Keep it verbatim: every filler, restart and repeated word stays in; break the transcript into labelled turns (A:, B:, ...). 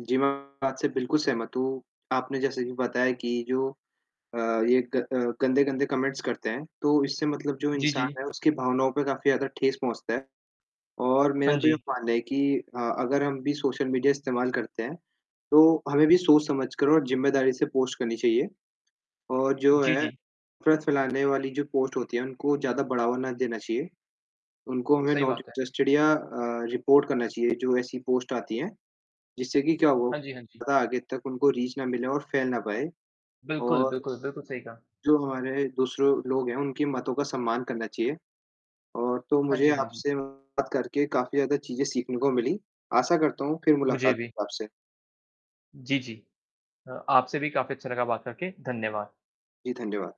A: जी, मैं बात से बिल्कुल सहमत हूँ। आपने जैसे अभी बताया कि जो अ, ये ग अ, गंदे-गंदे कमेंट्स करते हैं, तो इससे मतलब जो
B: जी,
A: इंसान
B: जी।
A: है, उसकी भावनाओं पे काफ़ी ज़्यादा ठेस पहुँचता है। और मेरा
B: हाँ
A: तो ये
B: जी।
A: मानना है कि अ, अगर हम भी सोशल मीडिया इस्तेमाल करते हैं, तो हमें भी सोच-समझकर और ज़िम्मेदारी से पोस्ट करनी चाहिए, और जो
B: जी,
A: है,
B: जी।
A: नफ़रत फैलाने वाली जो पोस्ट होती हैं, उनको ज़्यादा बढ़ावा ना देना चाहिए। उनको हमें
B: सही
A: नॉट
B: बात है।
A: इंटरेस्टेड या अ, रिपोर्ट करना चाहिए, जो ऐसी पोस्ट आती हैं, जिससे कि क्या हो
B: हाँ जी, हाँ जी।
A: ज़्यादा आगे तक उनको रीच ना मिले और फैल ना पाए,
B: बिल्कुल,
A: और
B: बिल्कुल, बिल्कुल सही कहा।
A: जो हमारे दूसरो लोग हैं, उनकी मातों का सम्मान करना चाहिए, और तो
B: हाँ
A: मुझे
B: जी, हाँ जी।
A: आपसे बात करके काफ़ी ज़्यादा चीज़ें सीखने को मिलीं। आशा करता हूँ, फिर
B: मुझे
A: मुलाकात
B: भी।
A: हो आपसे।
B: जी, जी। अ आपसे भी काफ़ी अच्छा लगा बात करके। धन्यवाद।
A: जी, धन्यवाद।